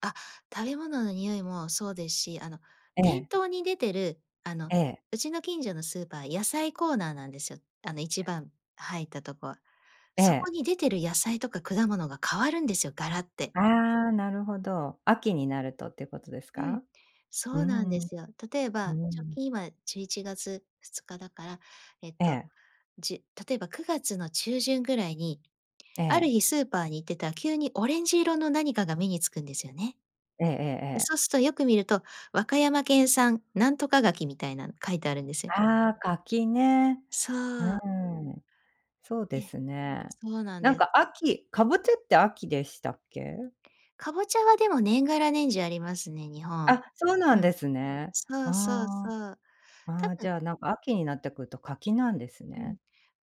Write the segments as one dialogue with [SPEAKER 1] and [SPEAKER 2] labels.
[SPEAKER 1] あ、食べ物の匂いもそうですし、あの、
[SPEAKER 2] え
[SPEAKER 1] 店
[SPEAKER 2] え。
[SPEAKER 1] 頭に出てるあの、
[SPEAKER 2] ええ。
[SPEAKER 1] うちの近所のスーパー、野菜コーナーなんです、あの、1番入ったとこ。
[SPEAKER 2] え
[SPEAKER 1] そこ
[SPEAKER 2] え。
[SPEAKER 1] に出てる野菜とか果物が変わるんですよ、ガラッて。
[SPEAKER 2] ああ、なるほど、秋になるとってことです
[SPEAKER 1] うん、
[SPEAKER 2] か？
[SPEAKER 1] そ
[SPEAKER 2] うー
[SPEAKER 1] うなんで
[SPEAKER 2] ん。う
[SPEAKER 1] すよ。例え
[SPEAKER 2] ー
[SPEAKER 1] ば、直
[SPEAKER 2] ん。
[SPEAKER 1] 近、今、11月2日だから、えっ
[SPEAKER 2] え
[SPEAKER 1] と、
[SPEAKER 2] え。
[SPEAKER 1] じ例えば、9月の中旬ぐらいに、
[SPEAKER 2] え
[SPEAKER 1] ある
[SPEAKER 2] え。
[SPEAKER 1] 日スーパーに行ってた、急にオレンジ色の何かが目につくんですよね、
[SPEAKER 2] ええええええ。
[SPEAKER 1] そうすと、よく見ると、「和歌山県産なんとか柿」みたいなの書いてあるんです。
[SPEAKER 2] ああ、柿ね。
[SPEAKER 1] そ
[SPEAKER 2] う
[SPEAKER 1] う。
[SPEAKER 2] ーん。そうで
[SPEAKER 1] え、
[SPEAKER 2] すね。
[SPEAKER 1] そうなん
[SPEAKER 2] なん
[SPEAKER 1] です。
[SPEAKER 2] か、秋、かぼちゃって秋でしたっけ？
[SPEAKER 1] かぼちゃは、でも、年がら年中ありますね、日本。
[SPEAKER 2] あ、そうなん
[SPEAKER 1] うん。
[SPEAKER 2] ですね。
[SPEAKER 1] そうそうそ
[SPEAKER 2] あ
[SPEAKER 1] う。
[SPEAKER 2] あ。あ
[SPEAKER 1] 多
[SPEAKER 2] あ、じ
[SPEAKER 1] 分
[SPEAKER 2] ゃあなんか秋になってくると柿なんです
[SPEAKER 1] うん。
[SPEAKER 2] ね、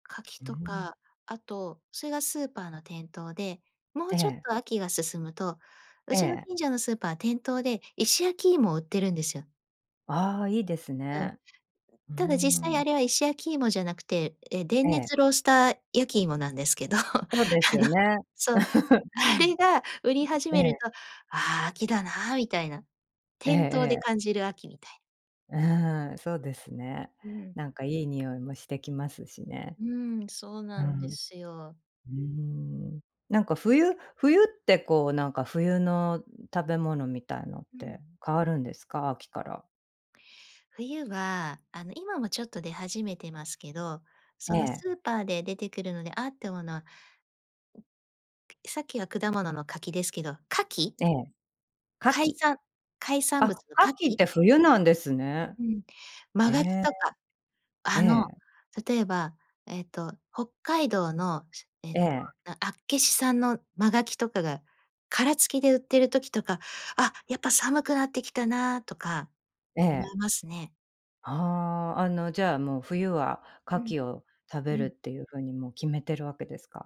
[SPEAKER 1] 柿
[SPEAKER 2] うう
[SPEAKER 1] と
[SPEAKER 2] ん。
[SPEAKER 1] か、あと、それがスーパーの店頭で、もう
[SPEAKER 2] え
[SPEAKER 1] ちょっ
[SPEAKER 2] え。
[SPEAKER 1] と秋が進むと、う
[SPEAKER 2] え
[SPEAKER 1] ちの
[SPEAKER 2] え。
[SPEAKER 1] 近所のスーパー、店頭で石焼き芋を売ってるんですよ。
[SPEAKER 2] ああ、いいです
[SPEAKER 1] うん。
[SPEAKER 2] ね、ううー
[SPEAKER 1] ただ、実際、
[SPEAKER 2] ん。
[SPEAKER 1] あれは石焼き芋じゃなくて、え、
[SPEAKER 2] え
[SPEAKER 1] 電
[SPEAKER 2] え。
[SPEAKER 1] 熱ロースター焼き芋なんですけど、あ
[SPEAKER 2] そうですよ
[SPEAKER 1] の、
[SPEAKER 2] ね。
[SPEAKER 1] そう、あれが売り始
[SPEAKER 2] え
[SPEAKER 1] める
[SPEAKER 2] え。
[SPEAKER 1] と、「ああ、秋だな」みたいな。
[SPEAKER 2] ええ
[SPEAKER 1] 店頭で
[SPEAKER 2] ええ。
[SPEAKER 1] 感じる秋みたい。
[SPEAKER 2] う、ふふん、そうですね。
[SPEAKER 1] うん。
[SPEAKER 2] なんかいい匂いもしてきますしね。
[SPEAKER 1] うーん、そう
[SPEAKER 2] う
[SPEAKER 1] なんで
[SPEAKER 2] ん。う
[SPEAKER 1] すよ。
[SPEAKER 2] ーん。なんか冬冬ってこう、なんか冬の、ん、食べ物みたいのっ
[SPEAKER 1] う
[SPEAKER 2] て
[SPEAKER 1] ん。
[SPEAKER 2] 変わるんですか？秋から。
[SPEAKER 1] 冬は、あの、今もちょっと出始めてますけど、
[SPEAKER 2] え
[SPEAKER 1] その、
[SPEAKER 2] え。
[SPEAKER 1] スーパーで出てくるので、「あ！」って思うのは、さっきは果物の柿ですけど、牡蠣。
[SPEAKER 2] ええ、牡
[SPEAKER 1] 海
[SPEAKER 2] 蠣。
[SPEAKER 1] 産、海産物
[SPEAKER 2] あ、
[SPEAKER 1] の牡
[SPEAKER 2] 牡蠣っ
[SPEAKER 1] 蠣。
[SPEAKER 2] て冬なんですね。
[SPEAKER 1] うん。真
[SPEAKER 2] へ
[SPEAKER 1] 牡蠣
[SPEAKER 2] え。
[SPEAKER 1] とか、
[SPEAKER 2] え
[SPEAKER 1] あの、
[SPEAKER 2] え。
[SPEAKER 1] 例えば、えっと、北海道のえっ
[SPEAKER 2] え
[SPEAKER 1] と、
[SPEAKER 2] え。
[SPEAKER 1] あ厚岸産の真牡蠣とかが殻付きで売ってる時とか、「あ、やっぱ寒くなってきたな」とか
[SPEAKER 2] え
[SPEAKER 1] 思
[SPEAKER 2] え。
[SPEAKER 1] いますね。
[SPEAKER 2] ああ、あの、じゃあ、もう、冬は牡
[SPEAKER 1] うん。
[SPEAKER 2] 蠣を食
[SPEAKER 1] う
[SPEAKER 2] べるっ
[SPEAKER 1] ん。
[SPEAKER 2] ていう風にもう決めてるわけですか？